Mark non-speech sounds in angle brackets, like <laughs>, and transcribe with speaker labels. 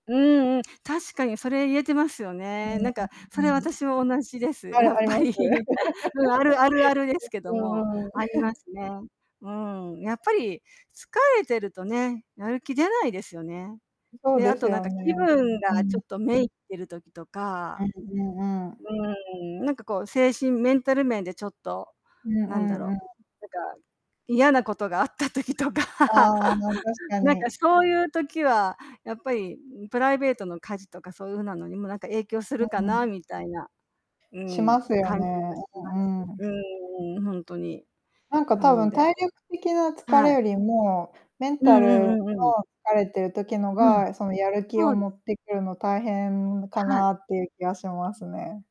Speaker 1: うんうん。確かにそれ言えてますよ
Speaker 2: う
Speaker 1: ね。
Speaker 2: ん、
Speaker 1: な
Speaker 2: う
Speaker 1: んか
Speaker 2: う
Speaker 1: そ
Speaker 2: う
Speaker 1: れ
Speaker 2: ん、う
Speaker 1: 私も同じです。
Speaker 2: あ
Speaker 1: や
Speaker 2: る
Speaker 1: っ
Speaker 2: あり
Speaker 1: ぱ
Speaker 2: ま
Speaker 1: り。
Speaker 2: す。
Speaker 1: <chuckles> うん、あるあるあるです
Speaker 2: <laughs>
Speaker 1: けど
Speaker 2: うう
Speaker 1: も、
Speaker 2: んうん。
Speaker 1: ありま
Speaker 2: <chuckles>
Speaker 1: すね。うん、やっぱり疲れてるとね、やる気出ないですよね。
Speaker 2: うそう
Speaker 1: で、あ
Speaker 2: です
Speaker 1: となん
Speaker 2: よ
Speaker 1: か
Speaker 2: ね。
Speaker 1: 気分
Speaker 2: うーん、
Speaker 1: がち
Speaker 2: う
Speaker 1: ょっと
Speaker 2: ん。
Speaker 1: 滅入ってる時と
Speaker 2: う
Speaker 1: か、
Speaker 2: ん、うんうん。
Speaker 1: うん、なんかこう精神メンタル面でちょっと
Speaker 2: うんう
Speaker 1: なんだ
Speaker 2: んう
Speaker 1: ろ
Speaker 2: ん。
Speaker 1: う、なんか嫌なことがあった時とか。
Speaker 2: ああ、確
Speaker 1: <laughs>
Speaker 2: か
Speaker 1: なん
Speaker 2: に。
Speaker 1: かそういう時は、やっぱり、んプライベートの家事とかそういう風なのにも、なんか影響す
Speaker 2: う
Speaker 1: るか
Speaker 2: んう
Speaker 1: な、
Speaker 2: ん。
Speaker 1: みたいな。う
Speaker 2: しま
Speaker 1: ん、
Speaker 2: すよ
Speaker 1: 感じ
Speaker 2: ね。
Speaker 1: がし
Speaker 2: うう
Speaker 1: ま
Speaker 2: ー
Speaker 1: す。
Speaker 2: ん、うん。
Speaker 1: うーん、ほんとに。
Speaker 2: なんか
Speaker 1: な
Speaker 2: 多
Speaker 1: の
Speaker 2: 分
Speaker 1: で
Speaker 2: 体力的な疲れ
Speaker 1: はい。
Speaker 2: よりも、メン
Speaker 1: う
Speaker 2: タ
Speaker 1: んう
Speaker 2: ルの
Speaker 1: んうんうん。
Speaker 2: 疲れてる時の
Speaker 1: うん。
Speaker 2: が、その、やる気
Speaker 1: そ
Speaker 2: を
Speaker 1: うで
Speaker 2: 持ってくるの大変か
Speaker 1: はい。
Speaker 2: なっていう気がしますね。